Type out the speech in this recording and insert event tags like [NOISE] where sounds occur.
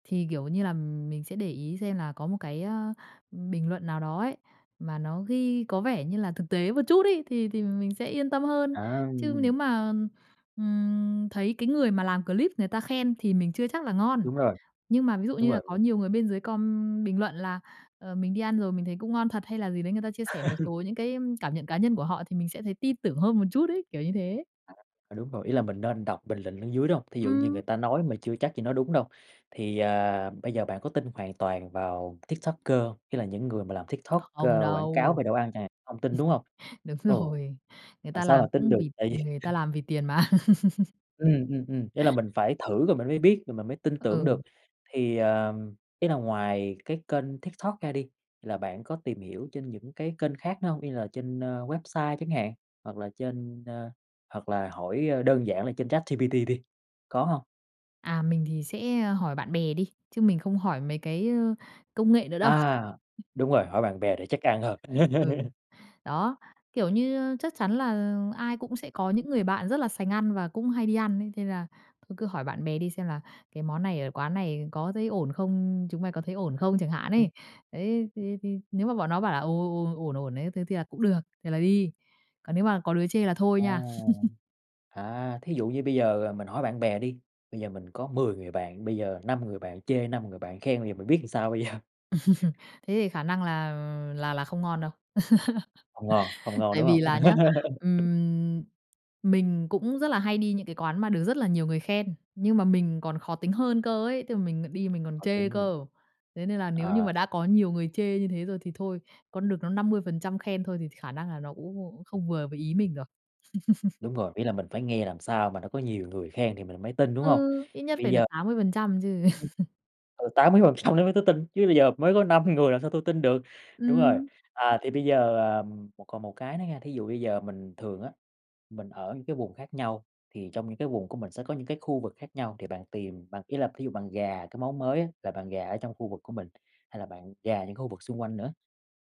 Thì, kiểu như là, mình sẽ để ý xem là có một cái, ờ, bình luận nào đó ấy, mà nó ghi có vẻ như là thực tế một chút ấy thì thì mình sẽ yên tâm hơn. À. Chứ nếu mà, ừm, thấy cái người mà làm clip người ta khen thì mình chưa chắc là ngon, Đúng rồi. nhưng mà ví dụ Đúng như là rồi, có ừm. nhiều người bên dưới com bình luận là, "Ờ, mình đi ăn rồi, mình thấy cũng ngon thật" hay là gì đấy, người ta chia sẻ một [LAUGHS] số những cái cảm nhận cá nhân của họ thì mình sẽ thấy tin tưởng hơn một chút ấy, kiểu như thế. À, đúng rồi, ý là mình nên đọc bình luận ở dưới, đúng hông? Thí dụ như người Ừm. ta nói mà chưa chắc gì nói đúng đâu, thì, ờ, bây giờ bạn có tin hoàn toàn vào TikToker hông? Ý là những người mà làm TikTok, Không ơ, quảng cáo đâu. về đồ ăn chẳng hạn, hông tin, đúng hông? [LAUGHS] Đúng Ừ. rồi, người Làm ta sao mà làm tin cũng được, vì tại vì người ta làm vì tiền mà. [LAUGHS] Ừm, ừm, ừm, ý là mình phải thử rồi mình mới biết rồi mình mới tin tưởng Ừ. được. Thì, ờ, ý là ngoài cái kênh TikTok ra đi, là bạn có tìm hiểu trên những cái kênh khác nữa hông, như là trên, ơ, website chẳng hạn, hoặc là trên, ơ hoặc là hỏi đơn giản là trên ChatGPT đi, có hông? À, mình thì sẽ, ờ, hỏi bạn bè đi, chứ mình không hỏi mấy cái, ơ, công nghệ nữa đâu. À, [CHUCKLES] đúng rồi, hỏi bạn bè để chắc ăn hơn. Ừ, [LAUGHS] đó, kiểu như, ơ, chắc chắn là ai cũng sẽ có những người bạn rất là sành ăn và cũng hay đi ăn đấy, thế là thôi cứ hỏi bạn bè đi xem là cái món này ở quán này có thấy ổn không, chúng mày có thấy ổn không chẳng hạn Ừm. ấy. Đấy thì thì nếu mà bọn nó bảo là "Ồ, ổn, ổn, ổn, ổn đấy" thế thì là cũng được, thì là đi. Còn nếu mà có đứa chê là thôi À. nha. [LAUGHS] À, thí dụ như bây giờ mình hỏi bạn bè đi, bây giờ mình có 10 người bạn, bây giờ 5 người bạn chê, 5 người bạn khen thì mình biết làm sao bây giờ? [LAUGHS] Thế thì khả năng là là là không ngon đâu. Hông ngon, hông [LAUGHS] ngon, Tại đúng vì hông? là nhá, [LAUGHS] ừm, mình cũng rất là hay đi những cái quán mà được rất là nhiều người khen, nhưng mà mình còn khó tính hơn cơ ấy, tức là mình đi mình còn Khó chê tính nhỉ? cơ. Thế nên là nếu như Ờ. mà đã có nhiều người chê như thế rồi thì thôi, còn được nó 50% khen thôi thì khả năng là nó cũng không vừa với ý mình được. [CHUCKLES] Đúng rồi, ý là mình phải nghe làm sao mà nó có nhiều người khen thì mình mới tin, đúng hông? Ừ, ít Thì nhất bây phải được giờ 80% chứ. ừm. [LAUGHS] Ừ, 80% nữa mới tới tin, chứ bây giờ mới có 5 người làm sao tôi tin được, đúng rồi. Ừm. À thì bây giờ, ờ, một còn một cái nữa nha, thí dụ bây giờ mình thường á, mình ở những cái vùng khác nhau, thì trong những cái vùng của mình sẽ có những cái khu vực khác nhau thì bạn tìm, bạn ý là thí dụ bạn rà cái món mới á, là bạn rà ở trong khu vực của mình, hay là bạn rà những khu vực xung quanh nữa?